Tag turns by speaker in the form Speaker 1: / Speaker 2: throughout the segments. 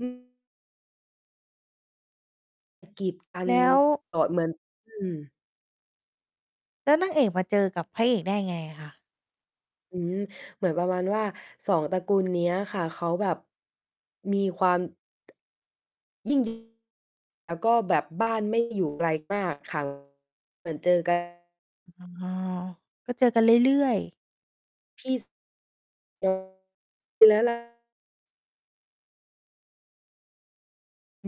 Speaker 1: อืม กีด อั
Speaker 2: แ
Speaker 1: น
Speaker 2: ล้ว
Speaker 1: ต่อเหมือน อืม
Speaker 2: แล้วนางเอกมาเจอกับพระเอกได้ไงอะคะ?
Speaker 1: อืม เหมือนประมาณว่า 2 ตระกูล เนี้ยค่ะ เขาแบบ มีความ ยิ่ง ดิ่ง แล้วก็แบบ บ้านไม่ อยู่ ไกลมาก ค่ะ เหมือนเจอ กัน
Speaker 2: อ๋อ ก็เจอกันเรื่อย ๆ
Speaker 1: พี่ส ป แล้วล่ะ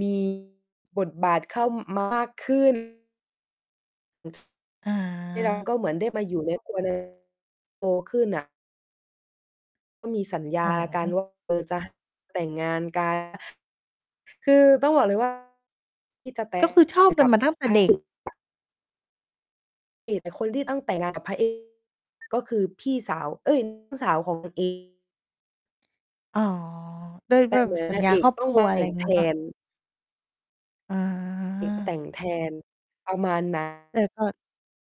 Speaker 1: มี บทบาทเข้า ม มากขึ้น
Speaker 2: อ
Speaker 1: ที่เรา
Speaker 2: า
Speaker 1: ก็เหมือนได้มาอยู่ใน ครัวหนึ่ง โตขึ้น อะ ก็มี สัญ
Speaker 2: โอ
Speaker 1: ญ
Speaker 2: ้
Speaker 1: าก
Speaker 2: โ
Speaker 1: ัน
Speaker 2: ฮ
Speaker 1: ว่า เออ จะ แต่งงาน กัน คือต้องบอกเลย ว่า ที่จะ แต
Speaker 2: ก
Speaker 1: ่
Speaker 2: ็คือชอบ
Speaker 1: ง
Speaker 2: กั
Speaker 1: ก
Speaker 2: น
Speaker 1: ับ
Speaker 2: มาตั้งแต่เด็ก
Speaker 1: [unintelligible] เอก แต่คนที่ต้องแต่งงานกับพระ เอก ก็คือพี่สาว เอ๊ย น้อง สาวของ นางเอก
Speaker 2: อ๋อ ด้วย
Speaker 1: แต
Speaker 2: ด้
Speaker 1: ่
Speaker 2: วย
Speaker 1: เ
Speaker 2: แบ
Speaker 1: หมื
Speaker 2: บ
Speaker 1: อน
Speaker 2: สั
Speaker 1: น
Speaker 2: ญ
Speaker 1: าง
Speaker 2: ญา
Speaker 1: เอ
Speaker 2: ค
Speaker 1: ก
Speaker 2: รอบ
Speaker 1: ต้อ
Speaker 2: ค
Speaker 1: ง
Speaker 2: ร
Speaker 1: แ
Speaker 2: ัว ไ
Speaker 1: ต
Speaker 2: ร
Speaker 1: ่ง แท
Speaker 2: งี้เปล่า?
Speaker 1: น
Speaker 2: อ
Speaker 1: เอก แต
Speaker 2: า
Speaker 1: ่งแทน ประมาณ นั้
Speaker 2: แ
Speaker 1: น
Speaker 2: ต่กอด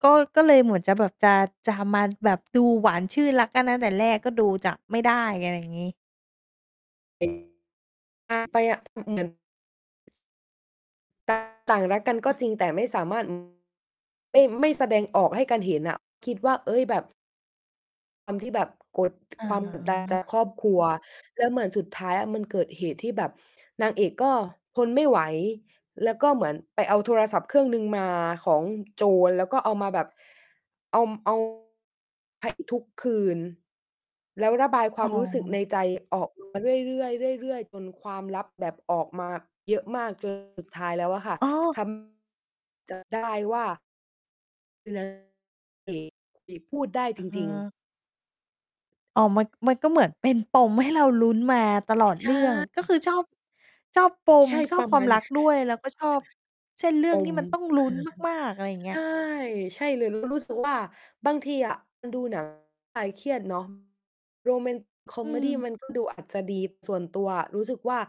Speaker 2: ก็ ก็เลยเหมือน จะแบบจะ จะมาแบบดูหวานชื่น รักกันตั้งแต่แรก ก็ดูจะไม่ได้ อะไรอย่างงี้
Speaker 1: เป็น อา ไปอะ อือ เหมือน ต่าง ต่างรักกันก
Speaker 2: ค
Speaker 1: ็
Speaker 2: ่ะ
Speaker 1: จริงแต่ไม่สามารถ อืม ไม่ ไม่แสดงออกให้กันเห็นอะ คิดว่า เฮ้ย แบบ ความที่แบบ กด
Speaker 2: อ๋
Speaker 1: ความ กดดัน จา
Speaker 2: อ
Speaker 1: กครอบครัว แล้วเหมือนสุดท้ายอะมัน เกิดเหตุที่แบบนางเอกก็ทนไม่ไหว แล้วก็เหมือนไปเอาโทรศัพท์เครื่องหนึ่งมาของ โจร แล้วก็เอามาแบบ ออม เอา พระเอก ทุกคืน แล้วระบายคว
Speaker 2: อ๋
Speaker 1: ามรู้สึกใน
Speaker 2: อ
Speaker 1: ใจออก มา เรื่อย ๆ เรื่อยๆ จนความลับแบบออกมาเยอะมาก จน สุดท้ายแล้วอะค่ะ
Speaker 2: อ้อ
Speaker 1: ทำ จับ ได้ว่า คือนางเอกนี่ พูดได้จริง ๆ
Speaker 2: เออ อ๋อ มัน มันก็เหมือนเป็นปมให้เราลุ้นมาตลอด
Speaker 1: ใช
Speaker 2: เรื่อง
Speaker 1: ่
Speaker 2: ก็คือชอบ ชอบป
Speaker 1: ใ
Speaker 2: ม
Speaker 1: ช่
Speaker 2: ช
Speaker 1: ป
Speaker 2: อบ
Speaker 1: ระ
Speaker 2: ค
Speaker 1: ม
Speaker 2: วา
Speaker 1: า
Speaker 2: ม
Speaker 1: ณ
Speaker 2: รักด้วย แล้วก็ชอบ เส้นเรื่
Speaker 1: ป
Speaker 2: องที่
Speaker 1: ม
Speaker 2: มันต้องลุ้นมาก ๆ อะไรอย่าง
Speaker 1: ใช
Speaker 2: เงี้ย
Speaker 1: ่ ใช่เลย เรารู้สึกว่า บางทีอะมันดู หนังเพื่อ คลายเครียดเนาะ โรแมน คอ
Speaker 2: อื
Speaker 1: เมดี
Speaker 2: ม
Speaker 1: มัน ก็ดูอาจจะดี ส่วนตัวอะ รู้สึกว่า